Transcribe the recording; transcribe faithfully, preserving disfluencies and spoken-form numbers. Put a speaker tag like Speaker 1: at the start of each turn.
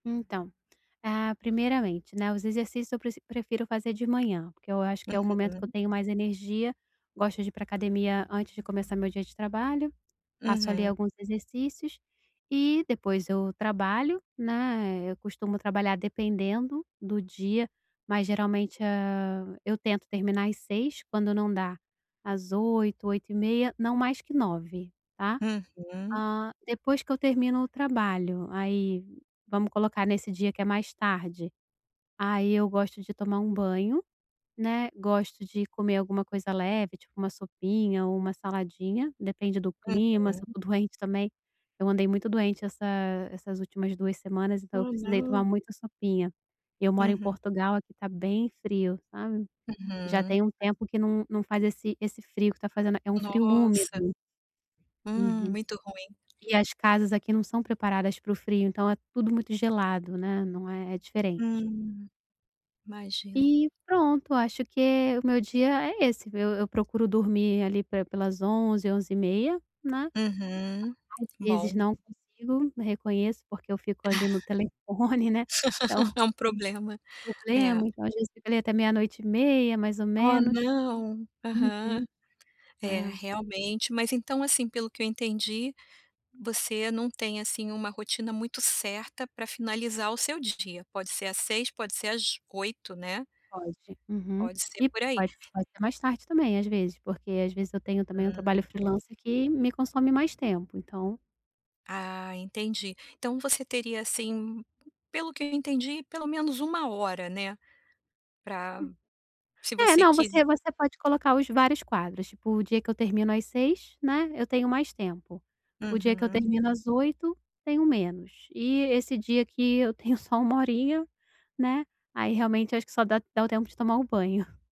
Speaker 1: Então, ah, primeiramente, né, os exercícios eu preci prefiro fazer de manhã porque eu acho que é o momento que eu
Speaker 2: Uhum.
Speaker 1: tenho mais energia. Gosto de ir pra academia antes de começar meu dia de trabalho, faço, ali,
Speaker 2: Uhum.
Speaker 1: alguns exercícios, e depois eu trabalho, né, eu costumo trabalhar dependendo, do dia, mas geralmente, hã, eu tento terminar às seis, quando não dá, às oito oito e meia, não mais que nove tá.
Speaker 2: Uhum.
Speaker 1: Hã, depois que eu termino o trabalho, aí, vamos colocar nesse dia que é mais tarde, aí, eu gosto de tomar um banho, né, gosto de comer alguma coisa leve tipo uma sopinha ou uma saladinha, depende do clima, se
Speaker 2: Uhum.
Speaker 1: eu tô doente também, eu andei muito doente essa essas últimas duas semanas, então, eu
Speaker 2: Ah,
Speaker 1: precisei tomar
Speaker 2: não!
Speaker 1: muita sopinha. E eu moro em
Speaker 2: Uhum.
Speaker 1: Portugal, aqui, tá bem frio sabe? Já
Speaker 2: Uhum.
Speaker 1: tem um tempo que não não faz esse esse frio que tá fazendo. É um frio
Speaker 2: Nossa.
Speaker 1: úmido.
Speaker 2: Hum.
Speaker 1: Uhum.
Speaker 2: Muito ruim.
Speaker 1: E as casas aqui não são preparadas para o frio, então, é tudo muito gelado, né, não é é diferente.
Speaker 2: Hum, imagino,
Speaker 1: E, pronto, acho que é, o meu dia é esse, eu eu procuro dormir, ali, pe pelas onze, onze e meia, né,
Speaker 2: Uhum.
Speaker 1: às vezes
Speaker 2: Bom.
Speaker 1: não consigo, reconheço, porque eu fico ali no telefone né, então
Speaker 2: É um problema, É.
Speaker 1: problema, então, às vezes, até meia noite e meia mais ou
Speaker 2: Oh
Speaker 1: menos.
Speaker 2: não, aham.
Speaker 1: Uhum.
Speaker 2: É
Speaker 1: É.
Speaker 2: realmente, mas, então, assim, pelo que eu entendi, você não tem assim uma rotina muito certa pra finalizar o seu dia, pode ser às seis, pode ser às oito, né?
Speaker 1: Pode, uhum.
Speaker 2: Pode ser
Speaker 1: E
Speaker 2: por aí.
Speaker 1: pode, pode ser fazer mais tarde também, às vezes. Porque, às vezes eu tenho também um
Speaker 2: Hum.
Speaker 1: trabalho freelancer que me consome mais tempo, então
Speaker 2: Ah, entendi. Então, você teria, assim, p pelo que eu entendi pelo menos uma hora, né? Pra,
Speaker 1: Hum.
Speaker 2: se
Speaker 1: É
Speaker 2: você
Speaker 1: não,
Speaker 2: quis
Speaker 1: você você pode colocar os vários quadros, tipo, o dia que eu termino às seis, né, eu tenho mais tempo, o dia que eu
Speaker 2: Uhum.
Speaker 1: termino às oito tenho menos, e esse dia que eu tenho só uma horinha, né, aí, realmente acho que só dá dá o tempo de tomar o banho.